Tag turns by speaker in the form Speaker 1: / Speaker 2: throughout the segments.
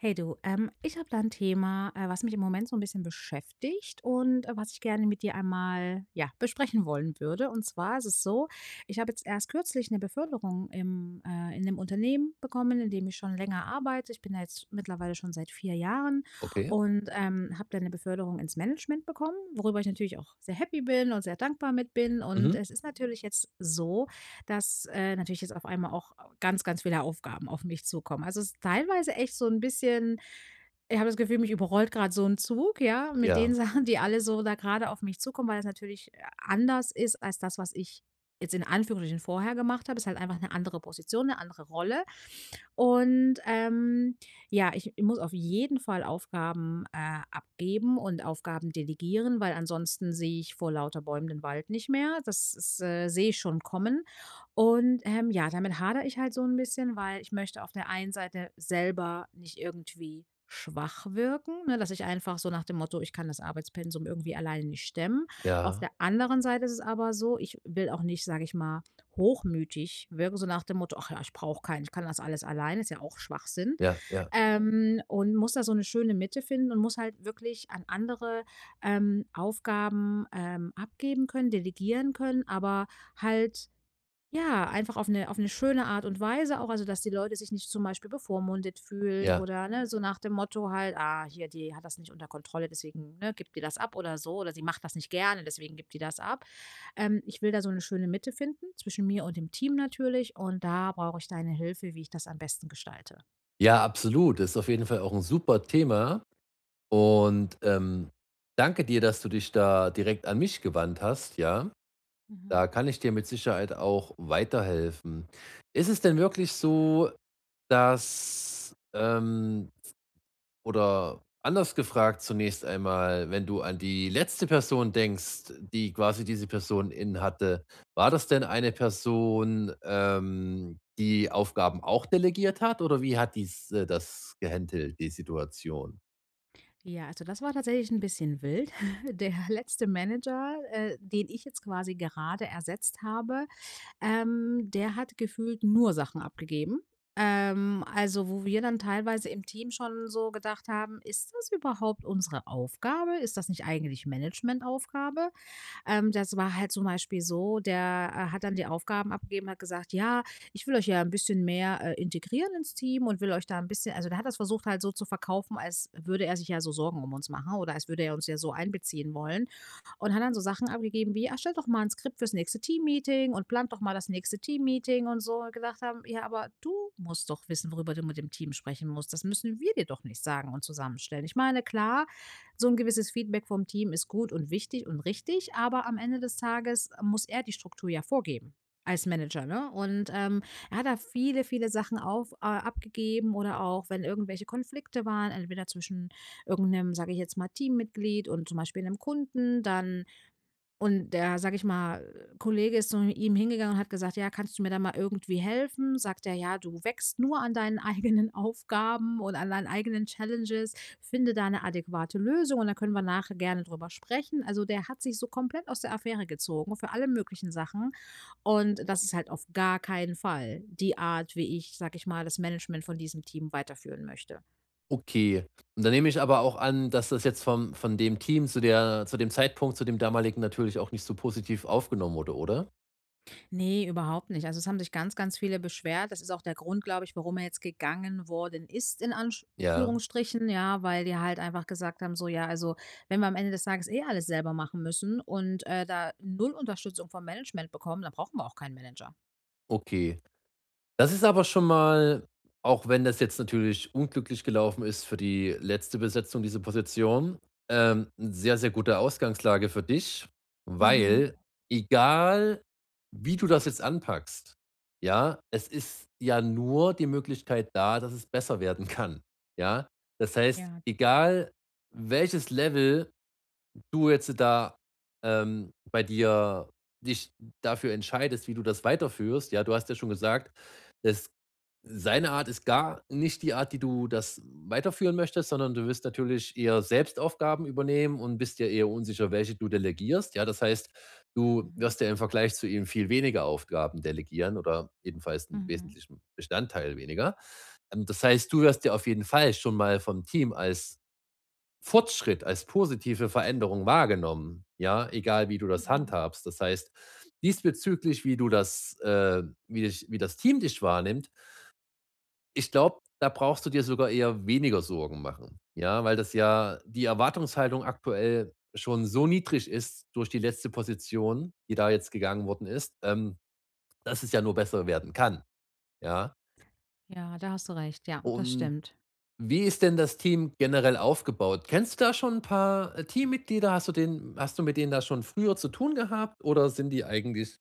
Speaker 1: Hey du. Ähm, ich habe da 'n Thema, äh, was mich im Moment so 'n bisschen beschäftigt und, äh, was ich gerne mit dir einmal ja besprechen wollen würde. Und zwar ist es so, ich habe jetzt erst kürzlich 'ne Beförderung im, äh in 'nem Unternehmen bekommen, indem ich schon länger arbeite. Ich bin da jetzt mittlerweile schon seit 4 Jahren
Speaker 2: Okay.
Speaker 1: und, ähm, habe da 'ne Beförderung ins Management bekommen, worüber ich natürlich auch sehr happy bin und sehr dankbar mit bin. Und
Speaker 2: Mhm.
Speaker 1: es ist natürlich jetzt so, dass, äh, natürlich jetzt auf einmal auch ganz, ganz viele Aufgaben auf mich zukommen. Also es ist teilweise echt so 'n bisschen ich habe das Gefühl, mich überrollt grad so 'n Zug, ja, mit den
Speaker 2: Ja.
Speaker 1: Sachen, die alle so da grade auf mich zukommen, weil das natürlich a anders ist als das, was ich- jetzt in Anführungsstrichen- vorher gemacht habe. Ist halt einfach 'ne andere Position, 'ne andere Rolle. Und, ähm, ja, ich ich muss auf jeden Fall Aufgaben, äh, abgeben und Aufgaben delegieren, weil ansonsten sehe ich vor lauter Bäumen den Wald nicht mehr. Das ist, äh sehe ich schon kommen. Und, ähm, ja, damit hadere ich halt so 'n bisschen, weil ich möchte auf der einen Seite selber nicht irgendwie schwach wirken, ne, dass ich einfach so nach dem Motto: „Ich kann das Arbeitspensum irgendwie alleine nicht stemmen.“ Auf
Speaker 2: Ja.
Speaker 1: der anderen Seite isses aber so, ich will auch nicht, sag ich mal, hochmütig wirken, so nach dem Motto: „Ach ja, ich brauche keinen, ich kann das alles alleine“, ist ja auch Schwachsinn.
Speaker 2: Ja, ja.
Speaker 1: Ähm, und muss da so 'ne schöne Mitte finden und muss halt wirklich an andere, ähm, Aufgaben, ähm, abgeben können, delegieren können, aber halt ja, einfach auf 'ne auf 'ne schöne Art und Weise auch. Also, dass die Leute sich nicht zum Beispiel bevormundet fühlen
Speaker 2: Ja.
Speaker 1: oder ne, so nach dem Motto halt: „Ah, hier, die hat das nicht unter Kontrolle, deswegen, ne, gibt die das ab oder so oder sie macht das nicht gerne, deswegen gibt die das ab.“ Ähm, ich will da so 'ne schöne Mitte finden zwischen mir und dem Team natürlich und da brauche ich deine Hilfe, wie ich das am besten gestalte.
Speaker 2: Ja, absolut, ist auf jeden Fall auch 'n super Thema und, ähm, danke dir, dass du dich da direkt an mich gewandt hast, ja?
Speaker 1: Mhm.
Speaker 2: Da kann ich dir mit Sicherheit auch weiterhelfen. Ist es denn wirklich so, dass, ähm oder anders gefragt zunächst einmal, wenn du an die letzte Person denkst, die quasi diese Person in hatte, war das denn 'ne Person, ähm, die Aufgaben auch delegiert hat oder wie hat dies, äh das gehandelt, die Situation?
Speaker 1: Ja, also das war tatsächlich 'n bisschen wild. Der letzte Manager, äh, den ich jetzt quasi gerade ersetzt habe, ähm, der hat gefühlt nur Sachen abgegeben. Ähm, also wo wir dann teilweise im Team schon so gedacht haben: „Ist das überhaupt unsere Aufgabe? Ist das nicht eigentlich Managementaufgabe?“ Ähm, das war halt zum Beispiel so, der, äh, hat dann die Aufgaben abgegeben, hat gesagt: „Ja, ich will euch ja 'n bisschen mehr, äh, integrieren ins Team und will euch da 'n bisschen“ Also, der hat das versucht halt so zu verkaufen, als würde er sich ja so Sorgen uns machen oder als würde er uns ja so einbeziehen wollen. Und hat dann so Sachen abgegeben wie: „Ah, erstellt doch mal 'n Skript fürs nächste Teammeeting und plant doch mal das nächste Teammeeting“ und so. Wo wir gedacht haben: „Ja, aber du musst doch wissen, worüber du mit dem Team sprechen musst. Das müssen wir dir doch nicht sagen und zusammenstellen.“ Ich meine, klar, so 'n gewisses Feedback vom Team ist gut und wichtig und richtig, aber am Ende des Tages muss er die Struktur ja vorgeben als Manager, ne? Und, ähm, er hat da viele, viele Sachen auf äh, abgegeben oder auch wenn irgendwelche Konflikte waren, entweder zwischen irgend 'nem, sage ich jetzt mal, Teammitglied und zum Beispiel 'nem Kunden dann. Und der, sage ich mal, Kollege ist zu [unintelligible] ihm hingegangen und hat gesagt: „Ja, kannst du mir da mal irgendwie helfen?“ Sagt er: „Ja, du wächst nur an deinen eigenen Aufgaben und an deinen eigenen Challenges. Finde da 'ne adäquate Lösung und da können wir nachher gerne drüber sprechen.“ Also der hat sich so komplett aus der Affäre gezogen für alle möglichen Sachen. Und das ist halt auf gar keinen Fall die Art, wie ich, sage ich mal, das Management von diesem Team weiterführen möchte.
Speaker 2: Okay, und dann nehme ich aber auch an, dass das jetzt vom von dem Team zu der zu dem Zeitpunkt, zu dem damaligen, natürlich auch nicht so positiv aufgenommen wurde, oder?
Speaker 1: Ne, überhaupt nicht. Also es haben sich ganz, ganz viele beschwert. Das ist auch der Grund, glaube ich, warum er jetzt gegangen worden ist in
Speaker 2: Ja.
Speaker 1: Anführungsstrichen, ja, weil wir halt einfach gesagt haben, so: „Ja, also wenn wir am Ende des Tages eh alles selber machen müssen und, äh, da 0 Unterstützung vom Management bekommen, dann brauchen wir auch keinen Manager“.
Speaker 2: Okay, das ist aber schon mal auch wenn das jetzt natürlich unglücklich gelaufen ist für die letzte Besetzung, diese Position, ähm, sehr, sehr gute Ausgangslage für dich,
Speaker 1: Mhm.
Speaker 2: weil egal, wie du das jetzt anpackst, ja, es ist ja nur die Möglichkeit da, dass es besser werden kann, ja? Das heißt,
Speaker 1: Ja.
Speaker 2: egal welches Level du jetzt da, ähm, bei dir dich dafür entscheidest, wie du das weiterführst, ja? Du hast ja schon gesagt, es seine Art ist gar nicht die Art, wie du das weiterführen möchtest, sondern du wirst natürlich eher selbst Aufgaben übernehmen und bist dir eher unsicher, welche du delegierst, ja? Das heißt, du
Speaker 1: Mhm.
Speaker 2: wirst ja im Vergleich zu ihm viel weniger Aufgaben delegieren oder jedenfalls 'n
Speaker 1: Mhm.
Speaker 2: wesentlichen Bestandteil weniger. Ähm, das heißt, du wirst ja auf jeden Fall schon mal vom Team als Fortschritt, als positive Veränderung wahrgenommen, ja, egal wie du das
Speaker 1: Mhm.
Speaker 2: handhabst. Das heißt, diesbezüglich, wie du das, ähm wie dich wie das Team dich wahrnimmt ich glaube, da brauchst du dir sogar eher weniger Sorgen machen, ja? Weil das ja die Erwartungshaltung aktuell schon so niedrig ist durch die letzte Position, die da jetzt gegangen worden ist, ähm, dass es ja nur besser werden kann, ja?
Speaker 1: Ja, da hast du recht. Ja, das
Speaker 2: Und
Speaker 1: stimmt.
Speaker 2: wie ist denn das Team generell aufgebaut? Kennst du da schon 'n paar, äh, Teammitglieder? Hast du den hast du mit denen da schon früher zu tun gehabt oder sind die eigentlich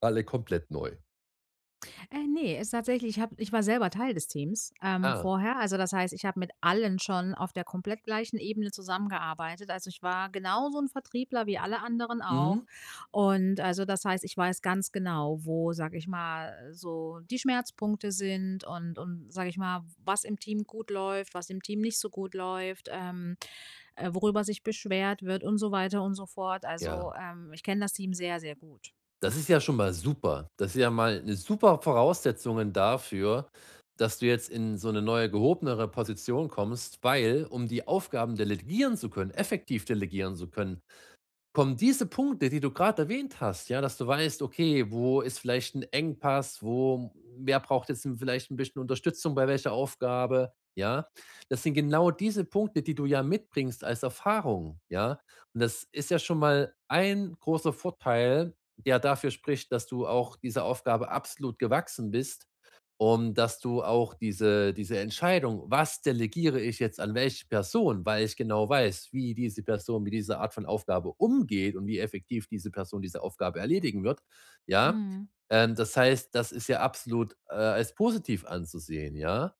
Speaker 2: alle komplett neu?
Speaker 1: Äh, ne, ist tatsächlich ich hab ich war selber Teil des Teams, ähm,
Speaker 2: Ah.
Speaker 1: vorher. Also das heißt, ich habe mit allen schon auf der komplett gleichen Ebene zusammengearbeitet. Also, ich war genauso 'n Vertriebler wie alle anderen auch.
Speaker 2: Mhm.
Speaker 1: Und, also das heißt, ich weiß ganz genau, wo, sage ich mal, so „die Schmerzpunkte“ sind und und, sage ich mal, „w was im Team gut läuft, was im Team nicht so gut läuft, ähm, äh, worüber sich beschwert wird“ und so weiter und so fort.
Speaker 2: Ja.
Speaker 1: Also, ähm, ich kenne das Team sehr, sehr gut.
Speaker 2: Das ist ja schon mal super. Das ist ja mal 'ne super Voraussetzungen dafür, dass du jetzt in so 'ne neue gehobenere Position kommst, weil, um die Aufgaben delegieren zu können, effektiv delegieren zu können, kommen diese Punkte, die du grad erwähnt hast, ja, dass du weißt: „Okay, wo ist vielleicht 'n Engpass, wo wer braucht jetzt 'n vielleicht 'n bisschen Unterstützung bei welcher Aufgabe,“ ja? Das sind genau diese Punkte, die du ja mitbringst als Erfahrung, ja? Und das ist ja schon mal 1 großer Vorteil, der dafür spricht, dass du auch dieser Aufgabe absolut gewachsen bist und dass du auch diese diese Entscheidung: „Was delegiere ich jetzt an welche Person, weil ich genau weiß, wie diese Person mit dieser Art von Aufgabe umgeht und wie effektiv diese Person diese Aufgabe erledigen wird,“ ja,
Speaker 1: Mhm.
Speaker 2: ähm, das heißt, das ist ja absolut, äh, als positiv anzusehen, ja.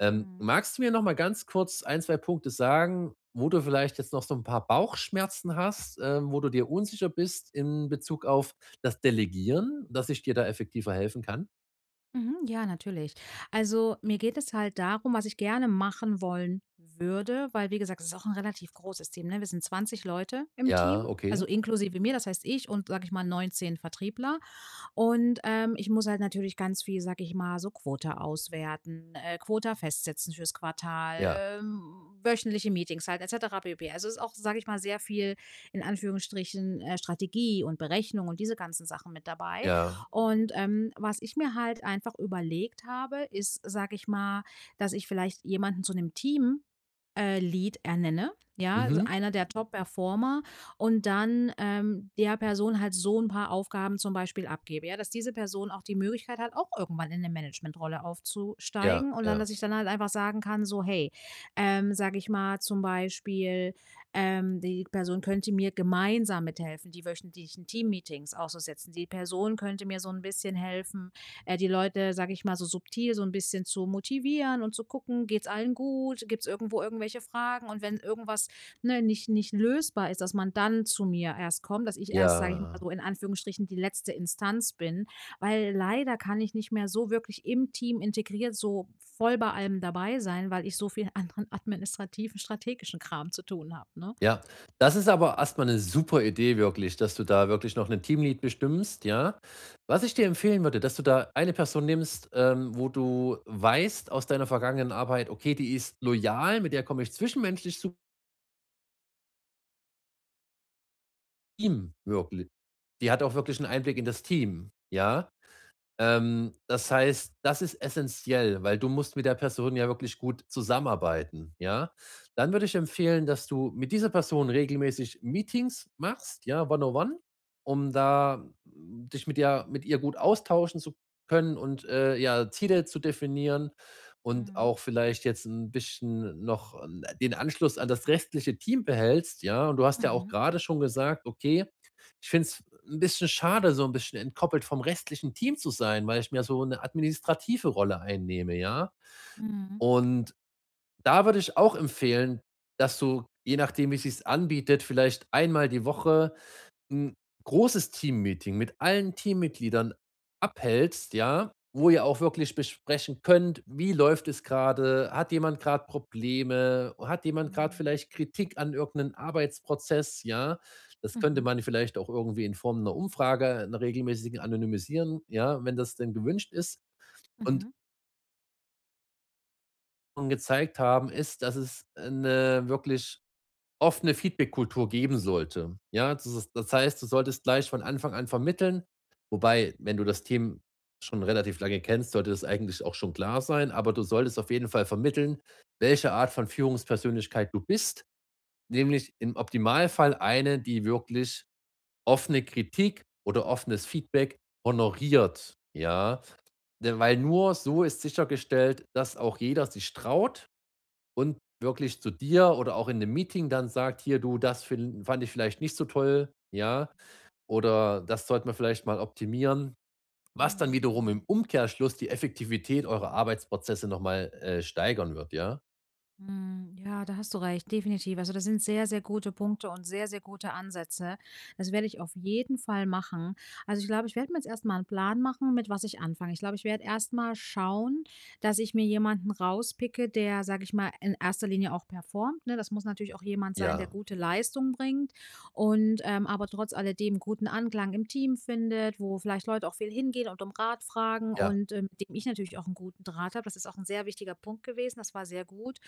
Speaker 2: Ähm,
Speaker 1: Mhm.
Speaker 2: magst du mir noch mal ganz kurz 1, 2 Punkte sagen, wo du vielleicht jetzt noch so 'n paar Bauchschmerzen hast, ähm, wo du dir unsicher bist in Bezug auf das Delegieren, dass ich dir da effektiver helfen kann?
Speaker 1: Mhm. Ja, natürlich. Also, mir geht es halt darum was ich gerne machen wollen würde, weil wie gesagt, ist auch 'n relativ großes Team, ne? Wir sind 20 Leute im Team,
Speaker 2: Ja,
Speaker 1: also
Speaker 2: okay.
Speaker 1: inklusive mir, das heißt ich und, sage ich mal, 19 Vertriebler. Und, ähm, ich muss halt natürlich ganz viel, sage ich mal, so „Quota auswerten, ähm, Quota festsetzen fürs Quartal,
Speaker 2: Ja.
Speaker 1: ähm, wöchentliche Meetings halt et cetera pp“. Also ist auch, sage ich mal, sehr viel- in Anführungsstrichen- ähm, „Strategie und Berechnung“ und diese ganzen Sachen mit dabei.
Speaker 2: Ja.
Speaker 1: Und, ähm, was ich mir halt einfach überlegt habe, ist, sage ich mal, dass ich vielleicht jemanden zu 'nem Team äh, Lead ernenne, ja? Also
Speaker 2: Mhm.
Speaker 1: einer der Top-Performer und dann, ähm, der Person halt so 'n paar Aufgaben zum Beispiel abgebe, ja? Dass diese Person auch die Möglichkeit hat, auch irgendwann in 'ne Managementrolle
Speaker 2: Ja,
Speaker 1: aufzusteigen. Und dann,
Speaker 2: ja.
Speaker 1: dass ich dann halt einfach sagen kann so: „Hey“, ähm, sage ich mal zum Beispiel, ähm, die Person könnte mir gemeinsam mithelfen, die wöchentlichen Teammeetings auszusetzen. Die Person könnte mir so 'n bisschen helfen, äh, die Leute, sage ich mal, so subtil so 'n bisschen zu motivieren und zu gucken, geht's allen gut? Gibt's irgendwo irgendwelche Fragen? Und wenn irgendwas, ne, nicht nicht lösbar ist, dass man dann zu mir erst kommt, dass ich erst, sage ich mal
Speaker 2: Ja.
Speaker 1: so, in Anführungsstrichen, „die letzte Instanz“ bin, weil leider kann ich nicht mehr so wirklich im Team integriert so voll bei allem dabei sein, weil ich so viel anderen administrativen, strategischen Kram zu tun habe ne?
Speaker 2: Ja, das ist aber erst mal 'ne super Idee wirklich, dass du da wirklich noch 'ne Team Lead bestimmst, ja? Was ich dir empfehlen würde, dass du da eine Person nimmst, ähm, wo du weißt aus deiner vergangenen Arbeit: „Okay, die ist loyal, mit der komme ich zwischenmenschlich su ihm wirkli die hat auch wirklich 'n Einblick in das Team“, ja? Ähm, das heißt, das ist essenziell, weil du musst mit der Person ja wirklich gut zusammenarbeiten, ja? Dann würde ich empfehlen, dass du mit dieser Person regelmäßig Meetings machst, ja? One on one, um da dich mit ja mit ihr gut austauschen zu können und, äh, ja, Ziele zu definieren und
Speaker 1: Mhm.
Speaker 2: auch vielleicht jetzt 'n bisschen noch 'n den Anschluss an das restliche Team behältst, ja? Und du hast ja auch
Speaker 1: Mhm.
Speaker 2: grade schon gesagt: „Okay, ich finde es 'n bisschen schade, so 'n bisschen entkoppelt vom restlichen Team zu sein, weil ich mir so 'ne administrative Rolle einnehme“, ja?
Speaker 1: Mhm.
Speaker 2: Und da würde ich auch empfehlen, dass du, je nachdem wie sich's anbietet, vielleicht 1-mal die Woche 'n großes Teammeeting mit allen Teammitgliedern abhältst, ja, wo ihr auch wirklich besprechen könnt, wie läuft es gerade? Hat jemand grad Probleme? Hat jemand grad
Speaker 1: Mhm.
Speaker 2: vielleicht Kritik an irgend 'nen Arbeitsprozess, ja? Das könnte
Speaker 1: Mhm.
Speaker 2: man vielleicht auch irgendwie in Form 'ner Umfrage, 'ner regelmäßigen, anonymisieren, ja, wenn das denn gewünscht ist. Und
Speaker 1: Mhm.
Speaker 2: und gezeigt haben ist, dass es eine wirklich oft eine Feedbackkultur geben sollte, ja? Das ist das heißt, du solltest gleich von Anfang an vermitteln, wobei, wenn du das Team schon relativ lange kennst, sollte das eigentlich auch schon klar sein, aber du solltest auf jeden Fall vermitteln, welche Art von Führungspersönlichkeit du bist, nämlich im Optimalfall eine, die wirklich offene Kritik oder offenes Feedback honoriert, ja? Denn weil nur so ist sichergestellt, dass auch jeder sich traut und wirklich zu dir oder auch in 'nem Meeting dann sagt: „Hier du, das fin fand ich vielleicht nicht so toll“, ja, oder „das sollten wir vielleicht mal optimieren“, was dann
Speaker 1: Mhm,
Speaker 2: wiederum im
Speaker 1: mhm.
Speaker 2: Umkehrschluss die Effektivität eurer Arbeitsprozesse noch mal, äh, steigern wird, ja?
Speaker 1: Mhm. Ja, da hast du recht, definitiv. Also das sind sehr, sehr gute Punkte und sehr, sehr gute Ansätze. Das werde ich auf jeden Fall machen. Also, ich glaube, ich werde mir jetzt erst mal 'n Plan machen, mit was ich anfange. Ich glaube, ich werd erst mal schauen, dass ich mir jemanden rauspicke, der- sage ich mal- in erster Linie auch performt, ne, das muss natürlich auch jemand sein, der
Speaker 2: Ja.
Speaker 1: gute Leistung bringt und, ähm, aber trotz alledem 'n guten Anklang im Team findet, wo vielleicht Leute auch viel hingehen und Rat fragen
Speaker 2: Ja.
Speaker 1: und, ähm, mit dem ich natürlich auch 'n guten Draht habe. Das ist auch 'n sehr wichtiger Punkt gewesen. Das war sehr gut.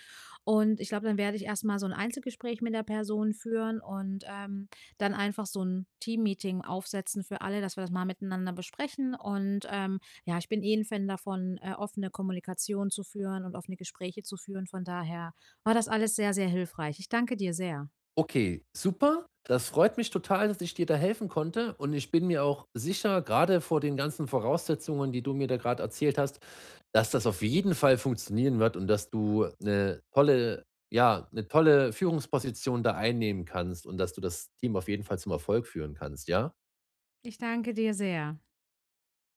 Speaker 1: Und ich glaube, dann werd ich erst mal so 'n Einzelgespräch mit der Person führen und, ähm, dann einfach so 'n Teammeeting aufsetzen für alle, dass wir das mal miteinander besprechen. Und, ähm, ja, ich bin eh 'n Fan davon, äh, offene Kommunikation zu führen und offene Gespräche zu führen. Von daher war das alles sehr, sehr hilfreich. Ich danke dir sehr.
Speaker 2: Okay, super. Das freut mich total, dass ich dir da helfen konnte und ich bin mir auch sicher, grade vor den ganzen Voraussetzungen, die du mir da grad erzählt hast, dass das auf jeden Fall funktionieren wird und dass du 'ne tolle ja, 'ne tolle Führungsposition da einnehmen kannst und dass du das Team auf jeden Fall zum Erfolg führen kannst, ja?
Speaker 1: Ich danke dir sehr.